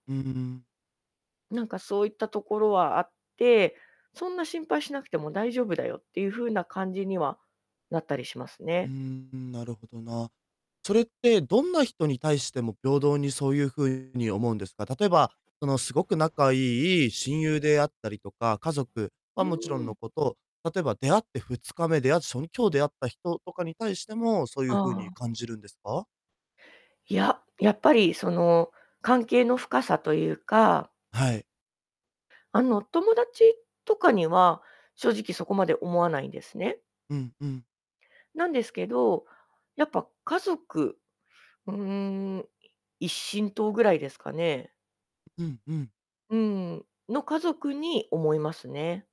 ふーん。なんかそういったところはあって、そんな心配しなくても大丈夫だよっていう風な感じにはなったりしますうーね。ん、なるほどな。それって、どんな人に対しても平等にそういう風に思うんですか？例えば、そのすごく仲いい親友であったりとか、家族うはもちろんーのん。こと、例えば出会って2日目出会って、しょに今日出会った人とかに対しても、そういあう風にあ。感じるんですか？いや、やっぱりその関係の深さというか。はい。あの友達とかには、正直そこまで思わないんですね。うんうん。なんですけど、やっぱ家族、うん、一親等ぐらいですかね。うんうん。うーん、の家族に思いますね。